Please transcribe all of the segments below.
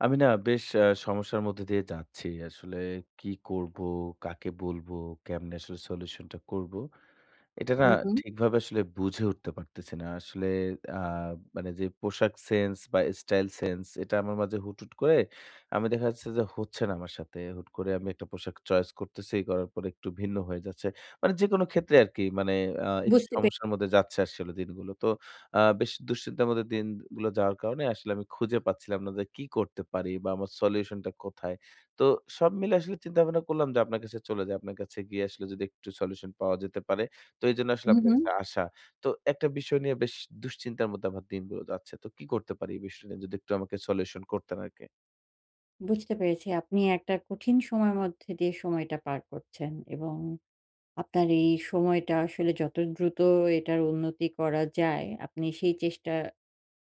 আমি না বেশ আ সমস্যার মধ্যে দিয়ে যাচ্ছি। আসলে, কি করব, কাকে বলবো, কেমনে আসলে সলিউশন টা করব। এটা না হু, হুম। ঠিকভাবে আসলে বুঝে উঠতে পারতেছি না। আসলে আ মানে যে পোশাক সেন্স বা স্টাইল সেন্স এটা আমার মাঝে হুট, হুট করে আমি দেখা যাচ্ছে যে হচ্ছে না আমার সাথে। হুট করে আমি একটা পোশাক চয়েস করতেছি করার পরে একটু ভিন্ন হয়ে যাচ্ছে। মানে যেকোনো ক্ষেত্রে আরকি মানে আ একটু বুঝতে পেয়ে সমস্যার মধ্যে যাচ্ছে আসলে দিনগুলো। তো আ বেশি দুশ্চিন্তার মধ্যে দিনগুলো যাওয়ার কারণে আসলে আমি খুঁজে পাচ্ছিলাম না যে কি করতে পারি বা আমার সলিউশন টা কোথায়। তো সব মিলে আসলে চিন্তা ভাবনা করলাম যে আপনার কাছে চলে যাই। আপনার কাছে গিয়ে আসলে যদি একটু সলিউশন পাওয়া যেতে পারে। তো এজন্য আসলে হু, আপনার হুম। কাছে আসা। তো একটা বিষয় নিয়ে বেশ দুশ্চিন্তার মধ্যে আমার দিনগুলো যাচ্ছে। তো কি করতে পারি এই বিষয় নিয়ে যদি একটু আমাকে সলিউশন করতেন আরকি। বুঝতে পেরেছি। আপনি একটা কঠিন সময়ের মধ্যে দিয়ে সময়টা পার করছেন এবং আপনার এই সময়টা আসলে যত দ্রুত এটার উন্নতি করা যায় আপনি সেই চেষ্টা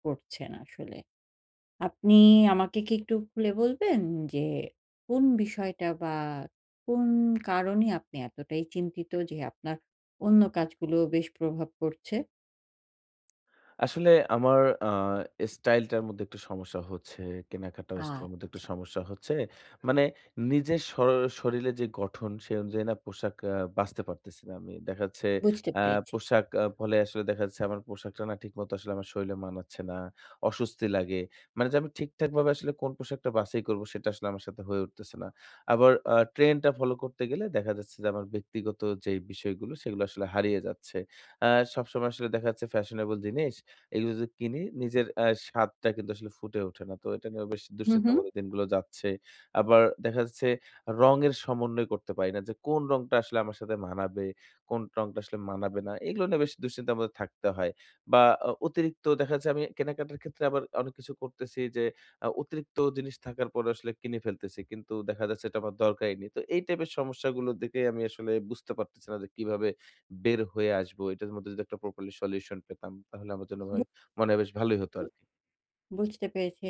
করছেন আসলে। আপনি আমাকে কি একটু খুলে বলবেন যে কোন বিষয়টা বা কোন কারণে আপনি এতটাই চিন্তিত যে আপনার অন্য কাজগুলো বেশ প্রভাব পড়ছে। আসলে আমার আ স্টাইল টার মধ্যে একটু সমস্যা হচ্ছে। কেনাকাটা আর স্টাইল এর মধ্যে একটু আচ্ছা। সমস্যা হচ্ছে। মানে নিজের শর শরীরে যে গঠন সে অনুযায়ী না পোশাক আ বাছতে পারতেছি না আমি। দেখা যাচ্ছে বুঝতে অ্যা পেরেছি। পোশাক ফলে আসলে দেখা যাচ্ছে আমার পোশাকটা না ঠিক মত আসলে আমার শরীরে মানাচ্ছে না, অসুস্তি লাগে। মানে যে আমি ঠিকঠাক ভাবে আসলে কোন পোশাকটা বাছাই করব সেটা আমার সাথে হয়ে উঠতেছে না। আবার আ ট্রেন্ড টা ফলো করতে গেলে দেখা যাচ্ছে যে আমার ব্যক্তিগত যে বিষয়গুলো সেগুলো আসলে হারিয়ে যাচ্ছে। আ সবসময় আসলে দেখা যাচ্ছে ফ্যাশনেবল জিনিস এগুলো যদি কিনি নিজের আ স্বাদটা কিন্তু আসলে ফুটে ওঠে না। তো এটা নিয়ে বেশ হু, দুশ্চিন্তা হুম। মত দিনগুলো যাচ্ছে। আবার দেখা যাচ্ছে রঙের সমন্বয় করতে পারি না, যে কোন রংটা আসলে আমার সাথে মানাবে। কোন রংটা আসলে মানাবে না। এগুলো নিয়ে বেশ দুঃশ্চিন্তার মধ্যে থাকতে হয়। বা অ অতিরিক্ত দেখা যাচ্ছে আমি কেনাকাটার ক্ষেত্রে আবার অনেক কিছু করতেছি যে আ অতিরিক্ত জিনিস থাকার পরে আসলে কিনে ফেলতেছি। কিন্তু দেখা যাচ্ছে এটা আমার দরকারই নেই। তো এই টাইপের সমস্যাগুলো দেখে আমি আসলে বুঝতে পারতেছি না যে কিভাবে বের হয়ে আসব। এটার মধ্যে যদি একটা প্রপারলি সলিউশন পেতাম তাহলে আমার জন্য বু ভাই মানে হয় বেশ ভালোই হতো উ আরকি। বুঝতে পেরেছি।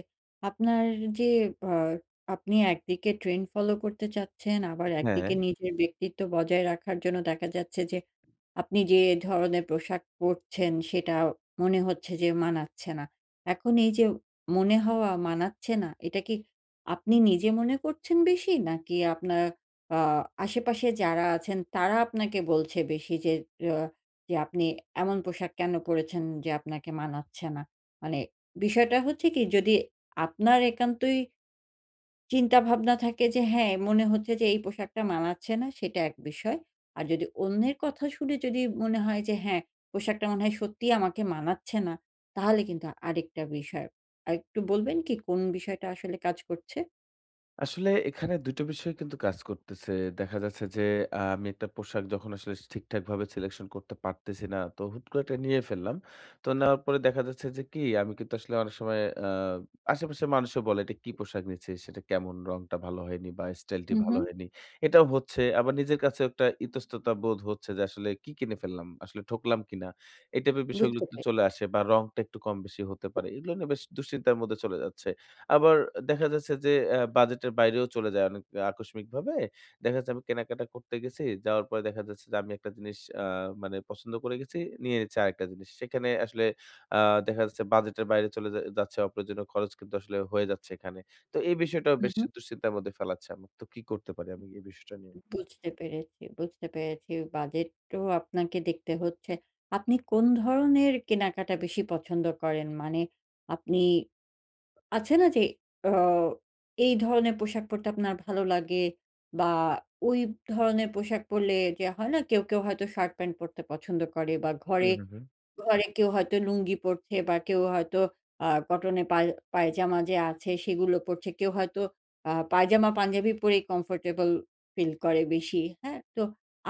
আপনার যে আ আপনি একদিকে ট্রেন্ড ফলো করতে চাচ্ছেন। আবার একদিকে হ্যাঁ। নিজের ব্যক্তিত্ব বজায় রাখার জন্য দেখা যাচ্ছে যে, আপনি যে ধরনের পোশাক পড়ছেন সেটা মনে হচ্ছে যে মানাচ্ছে না। এখন এই যে মনে হওয়া মানাচ্ছে না। এটা কি আপনি নিজে মনে করছেন বেশি? নাকি আপনার আ আশেপাশে যারা আছেন তারা আপনাকে বলছে বেশি যে আ যে আপনি এমন পোশাক কেন পড়েছেন যে আপনাকে মানাচ্ছে না। মানে বিষয়টা হচ্ছে কি যদি আপনার একান্তই চিন্তাভাবনা থাকে যে হ্যাঁ, মনে হচ্ছে যে এই পোশাকটা মানাচ্ছে না সেটা এক বিষয়। আর যদি অন্যের কথা শুনে যদি মনে হয় যে হ্যাঁ, পোশাকটা মনে হয় সত্যিই আমাকে মানাচ্ছে না তাহলে কিন্তু আরেকটা বিষয়। আর একটু বলবেন কি কোন বিষয়টা আসলে কাজ করছে। আসলে এখানে ২ টা বিষয় কিন্তু কাজ করতেছে। দেখা যাচ্ছে যে আ আমি একটা পোশাক যখন আসলে ঠিকঠাকভাবে সিলেকশন করতে পারতেছি না। তো হুট করে একটা নিয়ে ফেললাম। তো নেওয়ার পরে দেখা যাচ্ছে যে, কি আমি কিন্তু আসলে অনেক সময় আ আশেপাশের মানুষও বলে, এটা কি পোশাক নিয়েছি সেটা কেমন রংটা ভালো হয়নি বা স্টাইল টা হু, ভালো হুম। হয়নি। এটাও হচ্ছে আবার নিজের কাছে একটা ইতস্ততা বোধ হচ্ছে যে, আসলে কি কিনে ফেললাম, আসলে ঠকলাম কিনা? এই টাইপের বিষয়গুলো বুঝতে পাই। চলে আসে বা রংটা একটু কম বেশি হতে পারে। এগুলো নিয়ে বেশ দুশ্চিন্তার মধ্যে চলে যাচ্ছে। আবার দেখা যাচ্ছে যে, আ বাজেটের বাইরেও চলে যায় অনেক আকস্মিকভাবে। দেখা যাচ্ছে আমি কেনাকাটা করতে গেছি। যাওয়ার পরে দেখা যাচ্ছে যে, আমি একটা জিনিস আ মানে পছন্দ করে গেছি, নিয়ে নিচ্ছি আরেকটা জিনিস। সেখানে আসলে আ দেখা যাচ্ছে বাজেটের বাইরে চলে যাচ্ছে অপ্রয়োজনীয় খরচ কিন্তু আসলে হয়ে যাচ্ছে এখানে। তো এই বিষয়টাও হু, বেশি হুম। দুশ্চিন্তার মধ্যে ফেলাচ্ছে। তো কি করতে পারি আমি এই বিষয়টা নিয়ে। বুঝতে পেরেছি বুঝতে পেরেছি বাজেট তো আপনাকে দেখতে হচ্ছে। আপনি কোন ধরনের কেনাকাটা বেশি পছন্দ করেন? মানে আপনি আছে না যে অও এই ধরনের পোশাক পড়তে আপনার ভালো লাগে বা ওই ধরনের পোশাক পড়লে যে হয় না কেউ, কেউ হয়তো শার্ট-প্যান্ট পরতে পছন্দ করে বা হু, ঘরে হু, হুম। ঘরে কেউ হয়তো লুঙ্গি পড়ছে বা কেউ হয়তো আ কটন এ পায়জামা যে আছে সেগুলো পড়ছে। কেউ হয়তো আ পায়জামা-পাঞ্জাবি পরে কমফোর্টেবল ফিল করে বেশি। হ্যাঁ, তো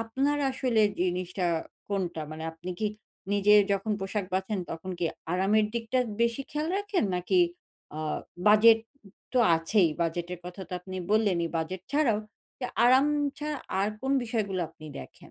আপনার আসলে জিনিসটা কোনটা? মানে আপনি কি নিজে যখন পোশাক বাঁচেন তখন কি আরামের দিকটা বেশি খেয়াল রাখেন? নাকি আ বাজেট তো আছেই বাজেটের কথা তো আপনি বললেনই। বাজেট ছাড়াও, আরাম ছা আর কোন বিষয়গুলো আপনি দেখেন?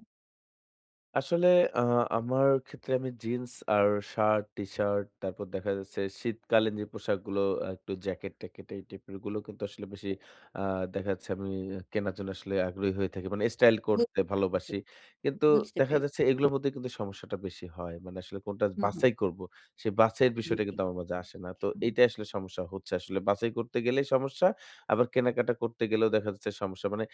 আসলে আ আমার ক্ষেত্রে আমি জিন্স আর শার্ট, টিশার্ট তারপর দেখা যাচ্ছে, শীতকালীন যে পোশাকগুলো একটু জ্যাকেট-ট্যাকেট এই টাইপের গুলো কিন্তু আসলে বেশি আ দেখা যাচ্ছে আমি কেনার জন্য আসলে আগ্রহী হয়ে থাকি। মানে স্টাইল করতে বুঝেছি, ভালোবাসি। কিন্তু বুঝতে দেখা যাচ্ছে পেরেছি। এগুলোর মধ্যেই কিন্তু সমস্যাটা বেশি হয়। মানে আসলে কোনটা হুম, হুম। বাছাই করব। সেই বাছাই এর বিষয়টা জ্বী। কিন্তু আমার মাঝে আসে না। তো এইটাই আসলে সমস্যা হচ্ছে আসলে। বাছাই করতে গেলেই সমস্যা। আবার কেনাকাটা করতে গেলেও দেখা যাচ্ছে সমস্যা। মানে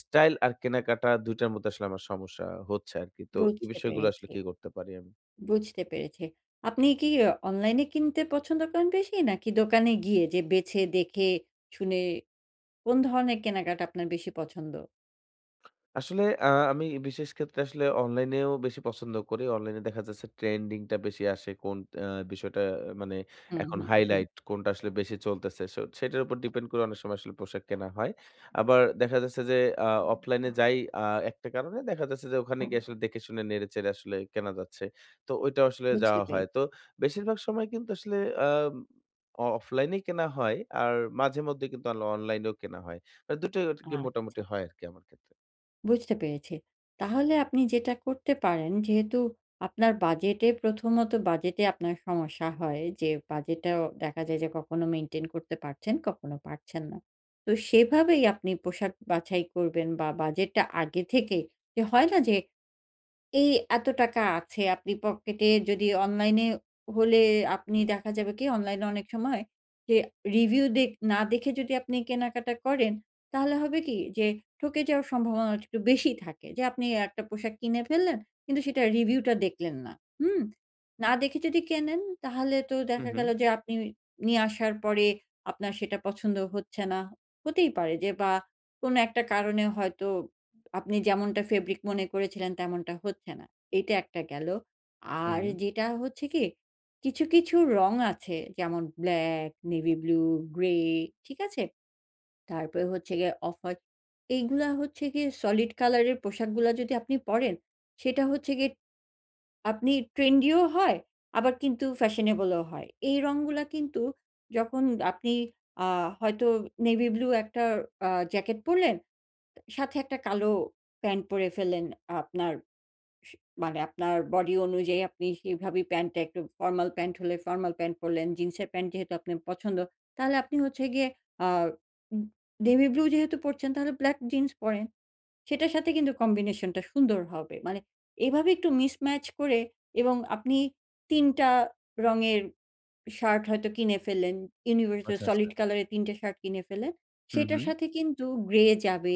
স্টাইল আর কেনাকাটা ২ মধ্যে আসলে আমার সমস্যা হচ্ছে আরকি। তো এই বুঝতে বিষয়গুলো আসলে পেরেছি। কি করতে পারি আমি? বুঝতে পেরেছি। আপনি কি অনলাইন এ কিনতে পছন্দ করেন বেশি? নাকি দোকানে গিয়ে যে বেছে-দেখে শুনে কোন ধরনের কেনাকাটা আপনার বেশি পছন্দ? আসলে আ আমি বিশেষ ক্ষেত্রে আসলে অনলাইনেও বেশি পছন্দ করি। অনলাইনে দেখা যাচ্ছে ট্রেন্ডিং টা বেশি আসে কোন আ বিষয়টা মানে, হুম, এখন হুম, হুম। হাইলাইট কোনটা আসলে বেশি চলতেছে। সো সেটার উপর ডিপেন্ড করে অনেক সময় আসলে পোশাক কেনা হয়। আবার দেখা যাচ্ছে যে আ অফলাইন এ যাই আ একটা কারণে দেখা যাচ্ছে যে ওখানে গিয়ে আসলে দেখে-শুনে নেড়ে-চেড়ে আসলে কেনা যাচ্ছে। তো ওইটা আসলে বুঝতে যাওয়া হয়। পেরেছি। তো বেশিরভাগ সময় কিন্তু আসলে আম অ অফলাইনেই কেনা হয়। আর মাঝেমধ্যেই কিন্তু আন অনলাইনেও কেনা হয়। আ ২ টাই আরকি মোটামুটি আচ্ছা। হয় আরকি আমার ক্ষেত্রে। বুঝতে পেরেছি। তাহলে আপনি যেটা করতে পারেন যেহেতু আপনার বাজেটে ১ম ত বাজেটে আপনার সমস্যা হয় যে বাজেট টাও দেখা যায় যে কখনো মেইনটেইন করতে পারছেন, কখনো পারছেন না। তো সেভাবেই আপনি পোশাক বাছাই করবেন বা বাজেট টা আগে থেকে যে হয় না যে এই এত টাকা আছে আপনি পকেটে যদি অনলাইন এ হলে আপনি দেখা যাবে কি অনলাইন এ অনেক সময় যে রিভিউ দে না দেখে যদি আপনি কেনাকাটা করেন, তাহলে হবে কি যে ঠকে যাওয়ার সম্ভাবনা একটু বেশি থাকে। যে আপনি ১টা পোশাক কিনে ফেললেন কিন্তু সেটার রিভিউ টা দেখলেন না হুম। না দেখে যদি কেনেন তাহলে তো হুম, দেখা হুম। গেল যে আপনি নিয়ে আসার পরে আপনার সেটা পছন্দ হচ্ছে না। হতেই পারে যে বা কোনো একটা কারণে হয়তো আপনি যেমনটা ফেব্রিক মনে করেছিলেন তেমনটা হচ্ছে না। এইটা ১টা গেলো। হুম, আর হুম। যেটা হচ্ছে গিয়ে কিছু, কিছু রং আছে। যেমন ব্লাক, নেভি ব্লু, গ্রে ঠিক আছে? তারপরে হচ্ছে গিয়ে অফ-হোয়াইট এইগুলা হচ্ছে গিয়ে সলিড কালার এর পোশাকগুলা যদি আপনি পড়েন, সেটা হচ্ছে গিয়ে আপনি ট্রেন্ডি ও হয়, আবার কিন্তু ফ্যাশনেবলও হয়। এই রংগুলা কিন্তু যখন আপনি আ হয়তো নেভি ব্লু একটা আ জ্যাকেট পরলেন, সাথে ১টা কালো প্যান্ট পরে ফেললেন। আপনার স মানে আপনার বডি অনুযায়ী আপনি সেভাবেই প্যান্ট টা একটু ফরমাল প্যান্ট হলে ফরমাল প্যান্ট পরলেন, জিন্সের প্যান্ট যেহেতু আপনার পছন্দ। তাহলে আপনি হচ্ছে গিয়ে আ ইন নেভিব্লু যেহেতু পরছেন তাহলে ব্লাক জিন্স পরেন। সেটার সাথে কিন্তু কম্বিনেশন টা সুন্দর হবে। মানে এভাবে একটু মিসম্যাচ করে এবং আপনি ৩ টা রঙের শার্ট হয়তো কিনে ফেললেন, ইউনিভার্সাল আচ্ছা, আচ্ছা। সলিড কলার এর ৩ টা শার্ট কিনে ফেললেন। হুম, সেটার হুম। সাথে কিন্তু গ্রে যাবে,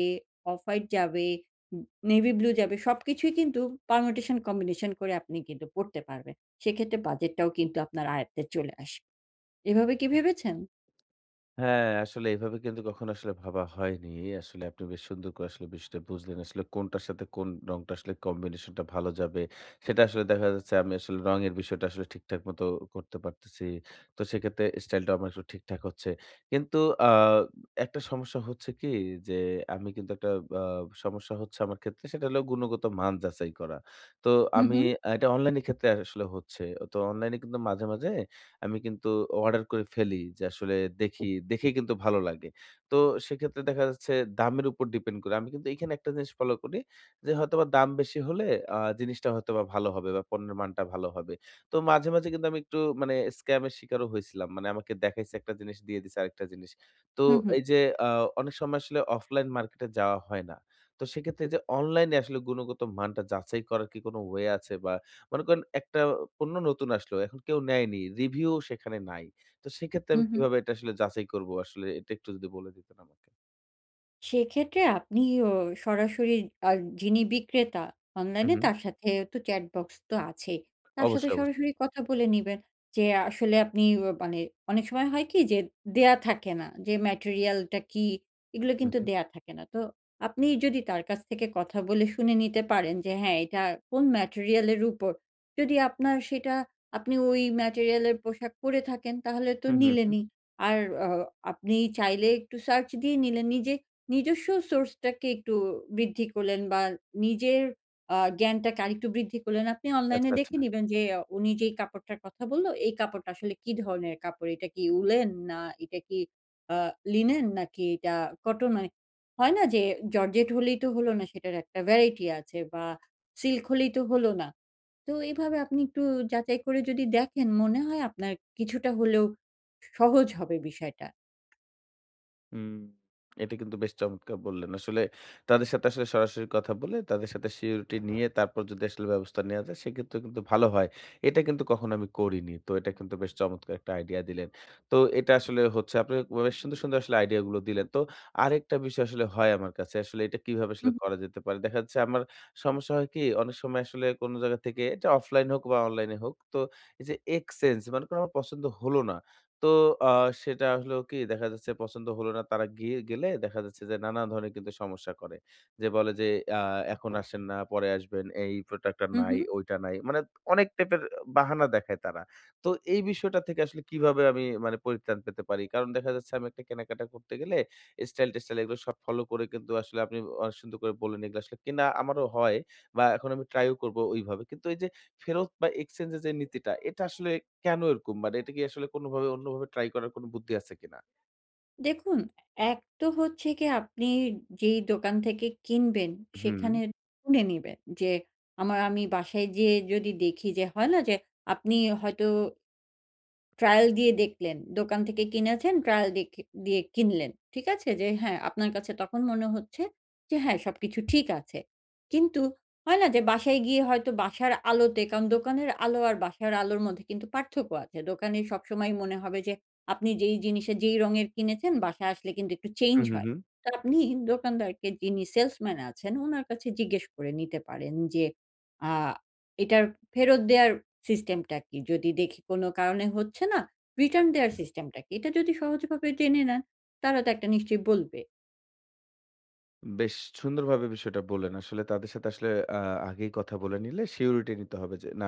অফ-হোয়াইট যাবে, ইন নেভি ব্লু যাবে। সবকিছুই কিন্তু পারমিউটেশন কম্বিনেশন করে আপনি কিন্তু পড়তে পারবেন। সেক্ষেত্রে বাজেট টাও কিন্তু আপনার আয়ত্তে চলে আসবে। এভাবে কি ভেবেছেন? হ্যাঁ, আসলে এভাবে কিন্তু কখনো আসলে ভাবা হয়নি। এই আসলে আপনি বেশ সুন্দর করে আসলে বিষয়টা বুঝলেন। আসলে কোনটার সাথে কোন রংটা আসলে কম্বিনেশন টা ভালো যাবে। সেটা আসলে দেখা যাচ্ছে আমি আসলে রঙের বিষয়টা আসলে ঠিক-ঠাক মত করতে পারতেছি। তো সেক্ষেত্রে স্টাইল টা আমার একটু ঠিক-ঠাক হচ্ছে। কিন্তু আ একটা সমস্যা হচ্ছে কি যে আমি কিন্তু একটা আ সমস্যা হচ্ছে আমার ক্ষেত্রে। সেটা হলো গুণগত মান যাচাই করা। তো হুম, আমি হুম। এটা অনলাইন এর ক্ষেত্রে আসলে হচ্ছে। তো অনলাইন এ কিন্তু মাঝে, মাঝে আমি কিন্তু অর্ডার করে ফেলি যে আসলে দেখি। দেখেই কিন্তু ভালো লাগে। তো সেক্ষেত্রে দেখা যাচ্ছে দামের উপর ডিপেন্ড করে। আমি কিন্তু এখানে একটা জিনিস ফলো করি যে হয়তোবা দাম বেশি হলে আ জিনিসটা হয়তোবা ভালো হবে বা পণ্যের মানটা ভালো হবে। তো মাঝে, মাঝে কিন্তু আমি একটু মানে স্কাম এর শিকারও হয়েছিলাম। মানে আমাকে দেখাইছে একটা জিনিস, দিয়ে দিছে আরেকটা জিনিস। তো হুম, হুম। এই যে আ অনেক সময় আসলে অফলাইন মার্কেট এ যাওয়া হয় না। তো সেক্ষেত্রে এই যে অনলাইন এ আসলে গুণগত মানটা যাচাই করার কি কোনো ওয়ে আছে বা মনে করেন একটা পণ্য নতুন আসলো। এখন কেউ নেয়নি। রিভিউ ও সেখানে নাই। তো সেক্ষেত্রে হুম, আমি হুম। কিভাবে এটা আসলে যাচাই করব আসলে এটা একটু যদি বলে দিতেন আমাকে। সেক্ষেত্রে আপনি অ সরাসরি আ যিনি বিক্রেতা হুম, অনলাইনে হুম। তার সাথে তো চ্যাট বক্স তো আছেই। তার সাথে অবশ্যই, অবশ্যই। সরাসরি কথা বলে নিবেন। যে আসলে আপনি অ মানে অনেক সময় হয় কি যে দেয়া থাকে না। যে ম্যাটেরিয়াল টা কি এগুলো হুম, কিন্তু হুম। দেয়া থাকে না। তো আপনি যদি তার কাছ থেকে কথা বলে শুনে নিতে পারেন যে হ্যাঁ, এটা কোন ম্যাটেরিয়াল এর উপর। যদি আপনার সেটা আপনি ওই ম্যাটেরিয়ালের পোশাক পরে থাকেন তাহলে তো হুম, হুম, হুম। নিলেনই। আর অ আপনি চাইলে একটু সার্চ দিয়ে নিলেন নিজে নিজস্ব সোর্স টাকে একটু বৃদ্ধি করলেন বা নিজের আ জ্ঞানটাকে আরেকটু বৃদ্ধি করলেন। আপনি অনলাইনে আচ্ছা, দেখে আচ্ছা। নিবেন যে অ উনি যেই কাপড়টার কথা বললো এই কাপড়টা আসলে কি ধরনের কাপড় এটা কি উলেন না এটা কি আ লিনেন নাকি এটা কটন এর। হয় না যে জর্জেট হলেই তো হলো না সেটার একটা ভ্যারাইটি আছে বা সিল্ক হলেই তো হলো না। তো এভাবে আপনি একটু যাচাই করে যদি দেখেন মনে হয় আপনার কিছুটা হলেও সহজ হবে বিষয়টা। হুম, এটা কিন্তু বেশ চমৎকার বললেন। আসলে তাদের সাথে আসলে সরাসরি কথা বলে তাদের সাথে সিউরিটি নিয়ে তারপর যদি আসলে ব্যবস্থা নেওয়া যায় সেক্ষেত্রে কিন্তু ভালো হয়। এটা কিন্তু কখনো আমি করিনি। তো এটা কিন্তু বেশ চমৎকার একটা আইডিয়া দিলেন। তো এটা আসলে হচ্ছে আপনি অনেক সুন্দর, সুন্দর আসলে আইডিয়া গুলো দিলেন। তো আরেকটা বিষয় আসলে হয় আমার কাছে। আসলে এটা কিভাবে হুম, আসলে হুম। করা যেতে পারে? দেখা যাচ্ছে আমার সমস্যা হয় কি অনেক সময় আসলে কোনো জায়গা থেকে এটা অফলাইন হোক বা অনলাইন এ হোক। তো এই যে এক্সচেঞ্জ মানে কোনো আমার পছন্দ হল না। তো আ সেটা আসলে কি দেখা যাচ্ছে পছন্দ হল না। তারা গিয়ে গেলে দেখা যাচ্ছে যে নানা ধরনের কিন্তু সমস্যা করে। যে বলে যে আ এখন আসেন না পরে আসবেন এই প্রোডাক্ট টা হুম, নাই, হুম। ঐটা নাই। মানে অনেক টাইপের বাহানা দেখায় তারা। তো এই বিষয়টা থেকে আসলে কিভাবে আমি মানে পরিত্রাণ পেতে পারি? কারণ দেখা যাচ্ছে আমি একটা কেনাকাটা করতে গেলে স্টাইল-টেস্টাইল এগুলো সব ফলো করে কিন্তু আসলে আপনি অনেক সুন্দর করে বললেন এগুলো আসলে কেনা আমারও হয় বা এখন আমি ট্রাই ও করব ওইভাবে। কিন্তু এই যে ফেরত বা এক্সচেঞ্জ এর যে নীতিটা এটা আসলে কেনো এরকম? মানে এটা কি আসলে কোনোভাবে অন্যভাবে ট্রাই করার কোন বুদ্ধি আছে কিনা? দেখুন ১ তো হচ্ছে গিয়ে আপনি যেই দোকান থেকে কিনবেন, হুম। সেখানে শুনে নেবেন যে, আমার আমি বাসায় গিয়ে যদি দেখি যে হয় না যে আপনি হয়তো ট্রায়াল দিয়ে দেখলেন। দোকান থেকে কিনেছেন ট্রায়াল দিয়ে কি দিয়ে কিনলেন। ঠিক আছে? যে হ্যাঁ, আপনার কাছে তখন মনে হচ্ছে যে হ্যাঁ, সবকিছু ঠিক আছে। কিন্তু হয় না যে বাসায় গিয়ে হয়তো বাসার আলোতে, কারণ দোকানের আলো আর বাসার আলোর মধ্যে কিন্তু পার্থক্য আছে। দোকানে সবসময় মনে হবে যে, আপনি যেই জিনিসের যেই রঙের কিনেছেন বাসায় আসলে কিন্তু একটু হু, চেঞ্জ হুম, হয়। হুম। তো আপনি দোকানদারকে, যিনি সেলসম্যান আছেন উনার কাছে জিজ্ঞেস করে নিতে পারেন যে আ এটার ফেরত দেয়ার সিস্টেম টা কি? যদি দেখি কোনো কারণে হচ্ছে না রিটার্ন আচ্ছা, দেয়ার আচ্ছা। সিস্টেম টা কি? এটা যদি সহজভাবে জেনে নেন, তারা তো একটা নিশ্চয়ই বলবে। বেশ সুন্দরভাবে বিষয়টা বললেন। আসলে তাদের সাথে আসলে আ আগেই কথা বলে নিলে সিউরিটি নিতে হবে যে, না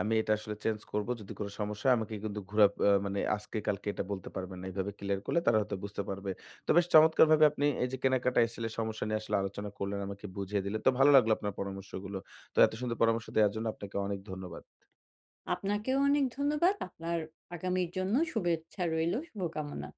আমি এটা আসলে চেঞ্জ করব। যদি কোনো সমস্যা হয় আমাকে কিন্তু ঘোরা মানে আজকে কালকে এটা বলতে পারবেন না। এভাবে ক্লিয়ার করলে তারা হয়তো বুঝতে পারবে। তো বেশ চমৎকারভাবে আপনি এই যে কেনাকাটা এসেলে সমস্যা নিয়ে আসলে আলোচনা করলেন আমাকে বুঝিয়ে দিলেন। তো ভালো লাগলো আপনার পরামর্শগুলো। তো এত সুন্দর পরামর্শ দেওয়ার জন্য আপনাকে অনেক ধন্যবাদ। আপনাকেও অনেক ধন্যবাদ। আপনার আগামীর জন্য শুভেচ্ছা রইলো, শুভকামনা।